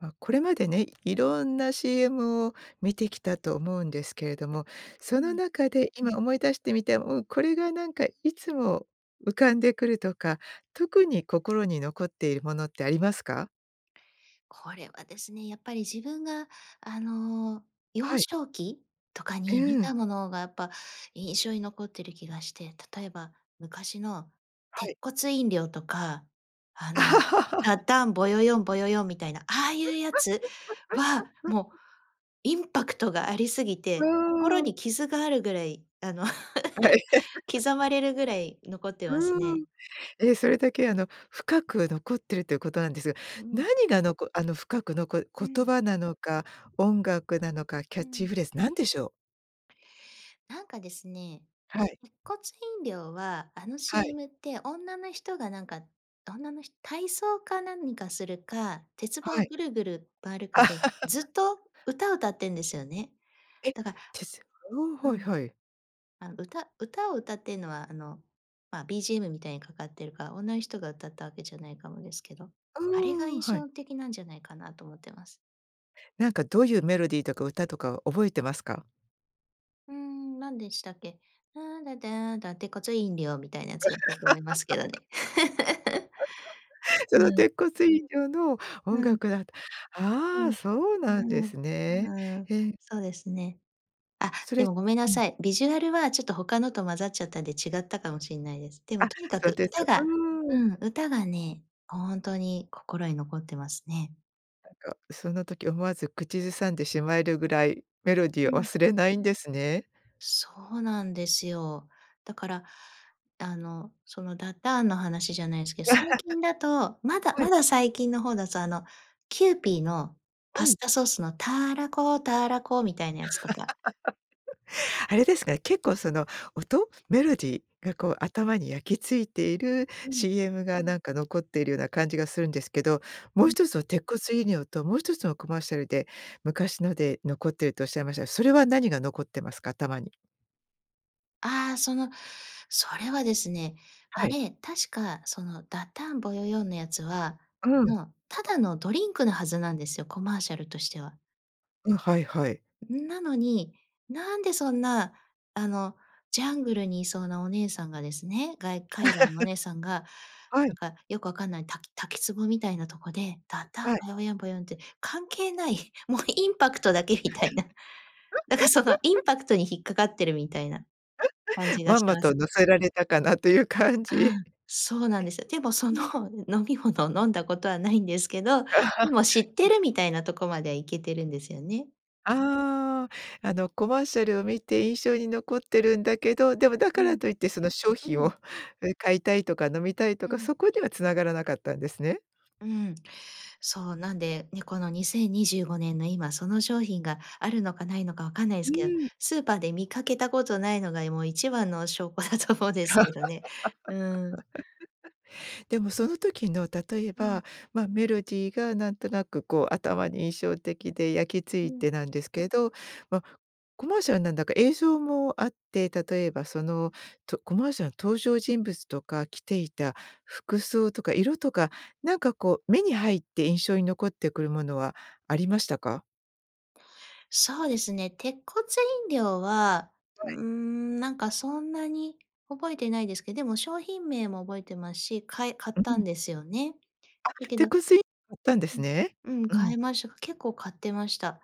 ま、これまでね、いろんな CM を見てきたと思うんですけれども、うそのん。中で今思い出してみて、うん、これがなんかいつも浮かんでくるとか特に心に残っているものってありますか？これはですね、やっぱり自分が、あの、幼はい。少期？とかえ、に見うん。たものがやっぱ印象に残ってる気がして、例えば昔のは鉄い。骨飲料とか、あの「タタンボ ヨヨンボヨヨン」みたいな、ああいうやつはもう インパクトがありすぎうて、心ん。に傷があるぐらい、あの、はい。刻まれるぐらい残ってますうーん。ね。え、それだけ、あの、深く残ってるっていうことなんですが、うう何ん。が、のこあの、深く残う言ん。葉なのか、音楽なのか、キャうッチん。フレーズなんでしょう？なんかですね、はい。鉄骨飲料は、あのはい。CM って女の人がなんか、女のひ体操か何かするか、鉄棒はい。ぐるぐる回るかで、ずっ と歌を歌ってんですよね。え？だかてすおお、うはいん。はい。あの歌、歌を歌ってんのは、あの、ま、BGM みたいにかかってるから、女の人が歌ったわけじゃないかもですけど、あれがうん、印はい。象的なんじゃないかなと思っています。なんかどういうメロディーとか歌とかは覚えてますか？うーん、なんでしたっけ？ラーラダーンダ鉄骨飲料みたいなやつだったと思いますけどね。そうのん。鉄骨飲料のう音ん。楽だった。うああ、ん。そうなんでうん。すね。うーん。へえ。そうですね。あ、そでれもごめんなうん。さい、ビジュアルはちょっと他のと混ざっちゃったんで違ったかもしんないです。でもあ、とにかそうくです。歌がうーうん。ん。歌がね、本当に心に残ってますね。なんかその時思わず口ずさんでしまえるぐらいメロディうーをん。忘れないんですね。そうなんですよ。だから、あの、そのダダーンの話じゃないすけど、最近だと、まだはい。まだ最近の方だと、あのキューピーのうパスん。タソースのターラコターラコみたいなやつとか。あれですかね。結構その音、メロディーがこう頭に焼き付いているうん。CM がなんか残っているような感じがするんですけど。うもうん。一つは鉄骨飲料ともう一つのコマーシャルで昔ので残ってるとおっしゃいましたが、それは何が残ってますか？頭に。あ、そのそれはですね、はあい。れ、確かそのダッタンボヨヨンのやつは、うあん。のただのドリンクのはずなんですよ、コマーシャルとしては。うん、はいはい。うん、なのに、なんでそんな、あの、ジャングルにいそうなお姉さんがですね、が海外のお 姉さんがはない。んかよくわかんないた滝つぼみたいなとこで、ダッタンはい。ボヨヨンボヨヨンって関係ない、もうインパクトだけみたいな。だからそのイ ンパクトに引っかかってるみたいな感 じがまんしまます。と乗せられたかなという感じ。うえ、ん、そうなんですよ。でもそのうん。飲み物を飲んだことはないんですけど、でも知って るみたいなとこまでは行けてるんですよね。ああ、あのコマーシャルを見て印象に残ってるんだけど、でもだうからん。といってその商う品ん。を、うん、買いたいとか飲みたいとうか、ん。そこには繋がらなかったんですね。うん。そう、なんで、ね、この2025年の今その商品があるのかないのか分かんないでふすけど、ん。スーパーで見かけたことないのがもう一番の証拠だと思うんですけどね。うん。でもその時の例えうん。ば、ま、メロディーがなんとなくこう頭に印象的で焼き付ういん。てなんですけど、ま、コマーシャルなんだか映像もあって例えばそのとコマーシャルの登場人物とか着ていた服装とか色とかなんかこう目に入って印象に残ってくるものはありましたか？そうですね。鉄骨飲料は、はい。うーん、なんかそんなに覚えてないですけでも商品名も覚えてますし、かえ買っうたんん。ですよね。あ、だけど鉄骨飲買ったんでうすん。ね。うん、うん。買いましか結構買ってました。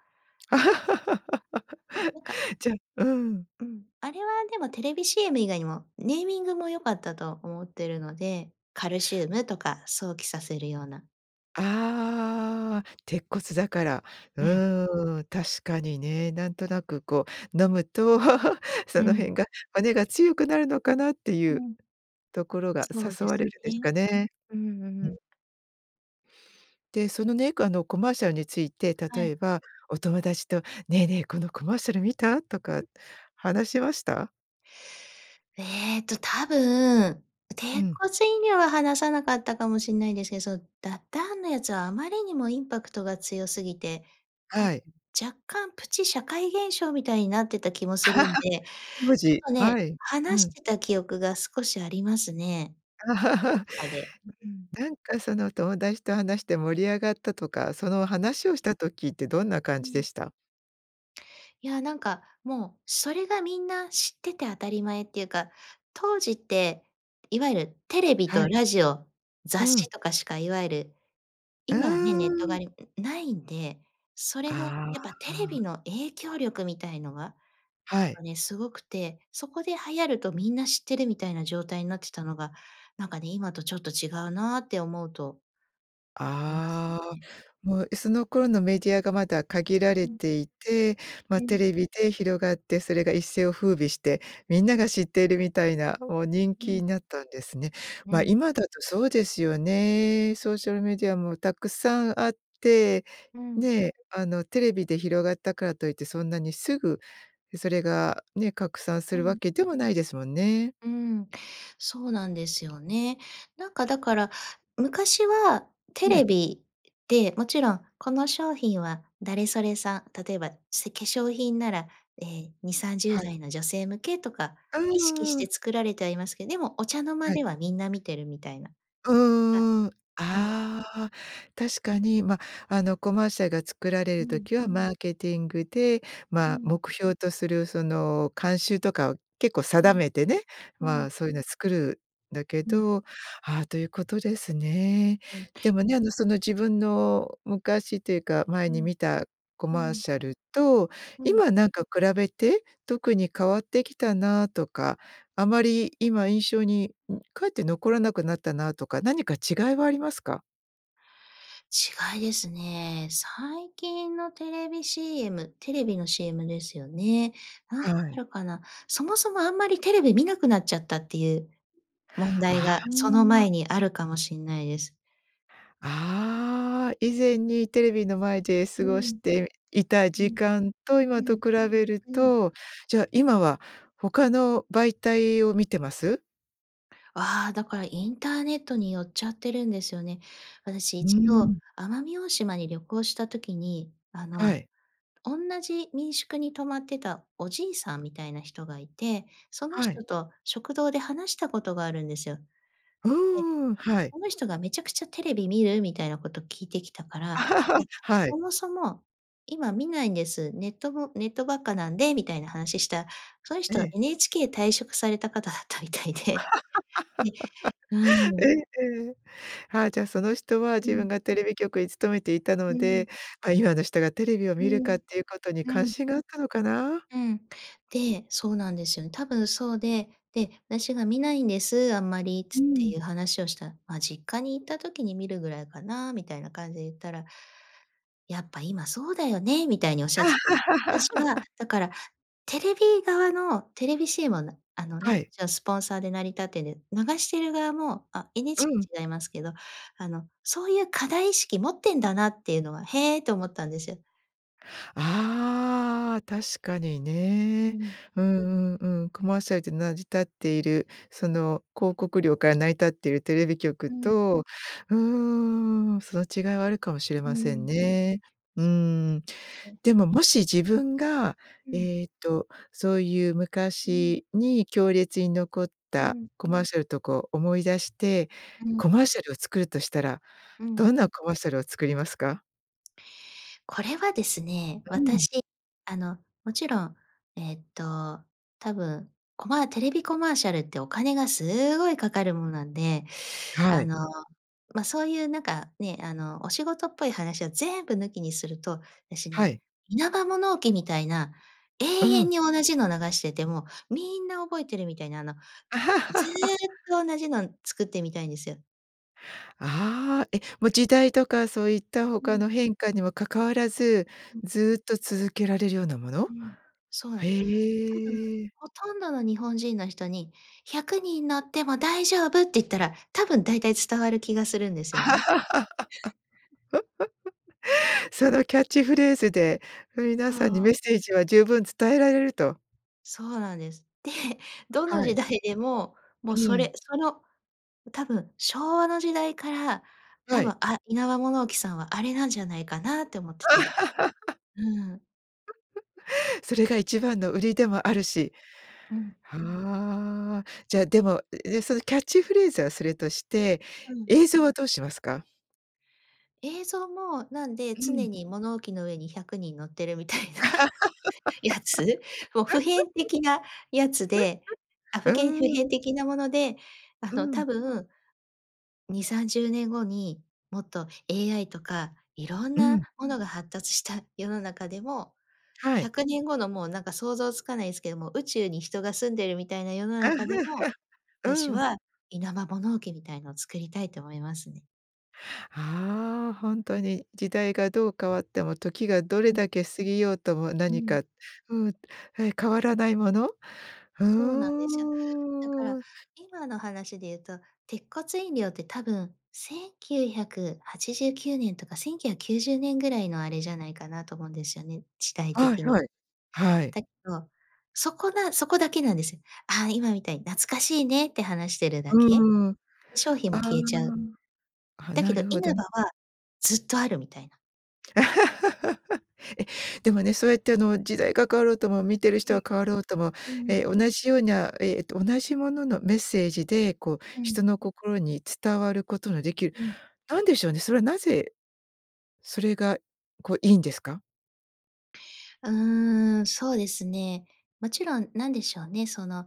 なんか じゃ、うん。うん。あれはでもテレビ CM 以外にも、ネーミングも良かったと思ってるので、カルシウムとか想起させるような。ああ、鉄骨だから。ううん。ーん。確かにね。なんとなくこう、飲むと うそのん。辺が、骨が強くなるのかなっていううん。ところがそう誘でわすれるんでしね。かね。うん、うん。ううん。で、そのね、こあの、コマーシャルについては例い。えばお友達と「ねえねえ、このコマーシャル見た？」とか話しました？えっと多分、う鉄ん。骨飲料は話さなかったかもしんないんですけそのダッダーンのやつはあまりにもインパクトが強すぎて、多分、はい。若干プチ社会現象みたいになってた気もするん で、当ちょっ時。とね、はい。う話しん。てた記憶が少しありますね、学校 とかで、うん。なんかその、友達と話して盛り上がったとか、その話をした時ってどんな感うじでん。した？いや、なんか、もう、それがみんな知ってて当たり前っていうか、当時って、いわゆるテレビはとい。ラジオ、う雑ん。誌とかしか、いわゆる、う今はね、ネットがーん。あるんないんで、それの、あやっぱテレビあ。の影響力みたいのが、やはっぱい。ね、すごくて、そこで流行るとみんな知ってるみたいな状態になってたのが、なんかね、今とちょっと違うなって思うといますああ、ね。もう、え、その頃のメディアがまだ限られうん。ていて、うま、テん。レビで広がってそれが一世を風靡して、みんなが知っているみたいな、お人う気ん。になったんですね。うま、ん。今だとそうですよね。ソーシャルメディアもたくさんあって、うん。ね、あの、テレビで広がったからといってそんなにすぐそれが、ね、拡散すうるわん。けでもないですもんね。うーん。そうなんですよね。なんかだから、昔はテはレい。ビで、もちろん、この商品は誰それさん、例えば、せ化粧品なら、え、にさんじゅはうい。だいの女性向けとか、う意識しんうん。て作られてはいますけど、でもお茶の間はい。ではみんな見てるみたいな、がうーん。うん。ああ、確かに、ま、あの、コマーシャルが作られうるん。時はマーケティングで、うま、ん。目標とする、その、慣習とかを結構う定ん。めてね、うまん。あ、そういうの作るだけうん。ど、あ、ということですね。うん。でもね、あの、その、自分の昔っていうか、前うにん。見たコうマーん。シャルとうん。今なんか比べて、特に変わってきたなとか、あまり今印象にかえって残らなくなったなとか、何か違いはありますか？違いですね。最近のテレビ CM、テレビの CM ですよね。なんかはあい。るかな？そもそもあんまりテレビ見なくなっちゃったっていう問題あが、そのあ。前にあるかもしんないです。あ、以前にテレビの前で過うごしん。ていたう時ん。間とふ今ん、と比べるふん。と、じゃあ、今は他の媒体を見てます？わあ、だからインターネットに寄っちゃってるんですよね。私う一度、ん。奄美大島に旅行した時に、あの、はい。おんなじ民宿に泊まってたおじいさんみたいな人がいて、そのはい。人と食堂で話したことがあるんですよ。うで、ーん、はい。この人がめちゃくちゃテレビ見る？みたいなこと聞いてきたから、いや、はい。そもそも今見ないんです、ネットもネットばっかなんでみたいな話した、そのえ人はえ。NHK 退職された方だったみたいで。でう えん。えええ。はあ、じゃあ、その人はふ自ん。分がテレビ局に勤めていたのうん。で、ま、今の人がテレビをう見るかん、っていうことにう関ん。心があったのかな？うん、で、そうなんですよね。多分そうで、で、私が「見ないんです、あんまり」つっうてん。いう話をした「ま、実家に行った時に見るぐらいかな？」みたいな感じで言ったら「やっぱ今そうだよね」みたいにおっしゃってて。私は だからテレビ側のテレビしえもなあのね、はい。じゃ、スポンサーで成り立ってんで、流している側も、あ、う NHK ん。違いますけど、あの、そういう課題意識持ってんだなっていうのは、へえ、と思ったんですよ。ああ、確かにうね。ん。うんうんうん。コマーシャルで成り立っているその広告料から成り立ってるテレビ局うん。と。うん。その違いはあるかもしれうませんん。ね。うそうですん。ね。でも、もし、自分が、うん。えっと、そういう、うん。昔に強烈に残っうたん。コマーシャルとこう思い出して、うコん。マーシャルを作るとしたら、うどん。んなコマーシャルを作りますか？これはですね。うん。私、あの、もちろん、えっと多分、コマーテレビコマーシャルってお金がすごいかかるものなんで。はあい。の、ま、そういうなんか、ね、あの、お仕事っぽい話を全部抜きにすると、私はね、い。イナバ物置みたいな、永う遠ん。に同じの流してても、みんな覚えてるみたいな。あの、ずっ と同じのん作ってみたいんですよ。ああ、え、もう時代とかそういったう他ん。の変化にも関わらず、うん。ずっと続けられるようなもの？うん、そうなんでへす。多分え。ほとんどの日本人の人に「100人乗っても大丈夫！」って言ったら、多分だいたい伝わる気がするんですよね。そのキャッチフレーズで、皆そさんにう。メッセージは十分伝えられると。そうなんです。で、どのは時い。代でも、もう、うそれ、ん。その、多分、昭和の時代から、多は分、い。あ、イナバ物置さんはあれなんじゃないかなって思ってて。うん。それが一番の売りでもあうん。るし。うん。ああ、じゃ、でも、え、でね。そのキャッチフレーズはそれとして、うん。映像はどうしますか？映像も、なんで、うん。常に物置の上に100人乗ってるみたいな、やつ、もう、普 遍的なやつで、あ、ふけんう普ん。遍的なもので、あうの、ん。多分2、30年後に、もっと AI とか色んうなん。ものが発達した世の中でも、はひい。ゃくねんごの、もうなんか想像つかないすけども、宇宙に人が住んでるみたいな世の中でも、私うん。はイナバ物置きみたいのを作りたいと思いますね。はあ、ほんとに。時代がどう変わっても、時がどれうん。だけ過ぎようともう何ん。かうん。え、変わらないもの。うそうなんですよ。だからーん。今の話で言うと、鉄骨飲料って多分1989年とか1990年ぐらいのあれじゃないかなと思うんですよね。時代はい的に。はい。はい。だけど、そこなそこだけなんですよ。あ、今みたいに懐かしいねって話してるだけ。うーん。商品あも消えちゃう。あ、あ、だけなどるイほど。ナバは、ずっとあるみたいな。え、でもね、そうやってあの、時代が変わろうとも見てるう人ん。は変わろうとも、うんうん。え、同じような、えっと、同じもののメッセージで、こう、うん。人の心に伝わることのできる。うん。なんでしょうね、それはなぜ、それが、こう、いいんですか？うーん、そうですね、もちろん、なんでしょうね、その、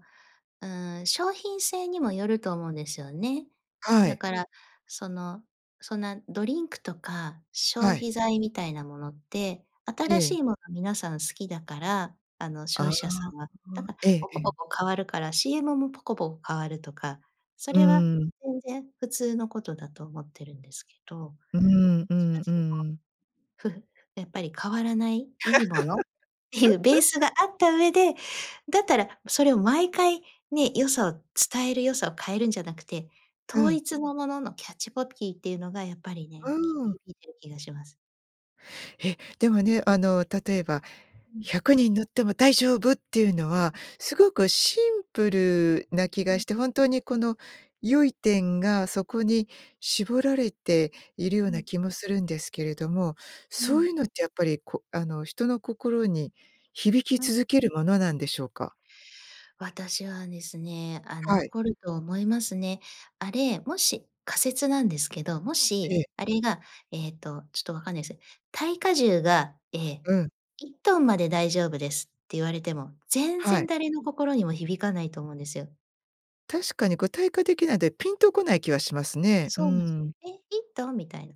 うーん、商品性にもよると思うんですよね。はだい。からその、そんなドリンクとか消はい。費材みたいなものって、え新しえ。いもの皆さん好きだから、あの、消ああ、費者さんは、だからええポえコポえ。コ変わるから CM もポコポコ変わるとか、そうれはーん。全然普通のことだと思ってるんですけど、どっうーん、うちかっんつううん。と、ふふやっぱり変わらない、いいものっていうベースが あった上で、だったらそれを毎回ね、良さを伝える、良さを変えるんじゃなくて、う統ん。一もののの、キャッチコピーっていうのがやっぱりね、うきーん。響いてる気がします。え、でもね、あの、例えば、うん。「100人乗っても大丈夫！」っていうのは [unintelligible] すごくシンプルな気うがん。ん。して、本当にこの、良い点がそこに絞られているよううなん。気もするんですけれども、うそうん。いうのってやっぱり、こあの、人の心に響きうん。続けるものなんでしょうか？私はですね、あ、はい。残ると思いますね。あれ、もし仮説なんですけど、もえしえ。あれが、ええっと、ちょっとわかんないす、耐荷重が、ええ、うん。1トンまで大丈夫ですって言われても、全は然い。誰の心にも響かないと思うんですよ。確かに具体化できないで、ピンとこない気はしますね。うそうなんす。ん。「え、1トン？」みたいな。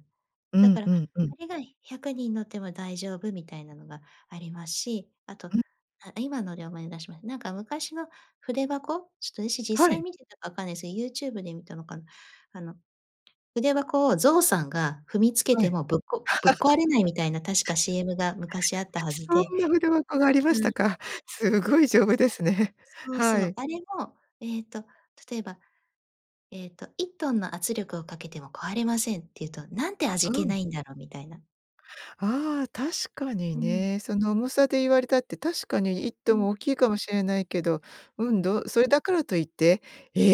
うだんかうらんうん。あれが、100人乗っても大丈夫みたいなのがありますし、あと、うん。あ、今ので思い出しました。なんか昔の筆箱？ちょっと私、実は際い。見てたかわかんないですけど、YouTube で見たのかな。あの、筆箱をゾウさんが踏みつけはてい。もぶっこぶっ壊れないみたいな確か CM が昔あった はずそで。んな筆箱がありましうたん。か。すごい丈夫そでう。すね。そうはそう、い。あれも、えっと例えば、えっと、「1トンの圧力をかけても壊れません」って言うと、なんて味う気ん。ないんだろみたいな。ああ、確かにうん。ね。その重さで言われたって確かにいっうトンん。も大きいかもしれないけど、ううん、ん。どそれだからといって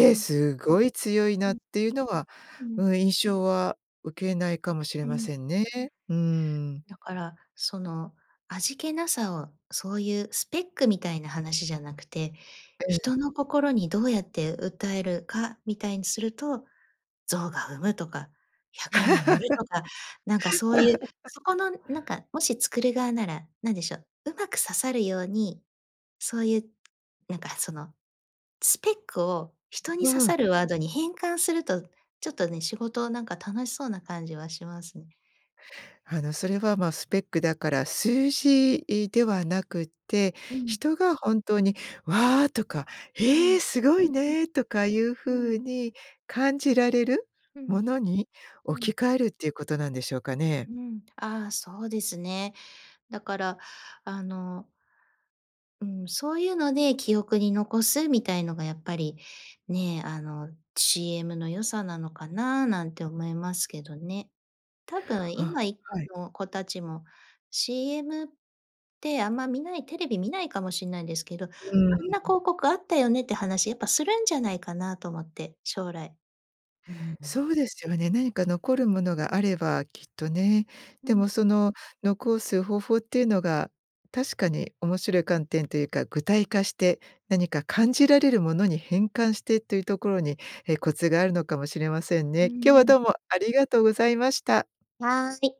うん。すごい強いうな」っん。ていうのは、ううん。ん、印象は受けないかもしれうまん。せんね。うん。だから、その、味気なさをそういうスペックみたいな話じゃなくて、ええ。人の心にどうやって訴えるかみたいにすると、象が踏むとか、100人乗るとか、なんかそういう、そこ のなんか、もし作る側なら、何でしょう、うまく刺さるように、そういう、なんかそのスペックを人に刺うさん。るワードに変換すると、ちょっとね、仕事、なんか楽しそうな感じはしますね。あのそれは、ま、スペックだから数字ではなくってうん。人が本当に、「わあ」とか、う「ええ、ん。すごいうん。ね」とかいううん。風に感じられるうん。ものにう置ん。き換えるっていうことなんでしょうかね？うん、ああ、そうですね。だから、あのうん、そういうので記憶に残すみたいのがやっぱり、ね、あの CM の良さなのかな、なんて思いますけどね。多分あ、今いはい。の子たちも CM ってあんま見ない、テレビ見ないかもしんないんですけど、うあんなん。広告あったよねって話やっぱするんじゃないかなと思って、将来。うん。そうですよね。何か残るものがあればきっとね。うでん。もその、残す方法っていうのが確かに、面白い観点というか具体化して、何か感じられるものに変換してっていうところに、え、コツがあるのかもしれませんうね。今日はん。どうもありがとうございました。はい。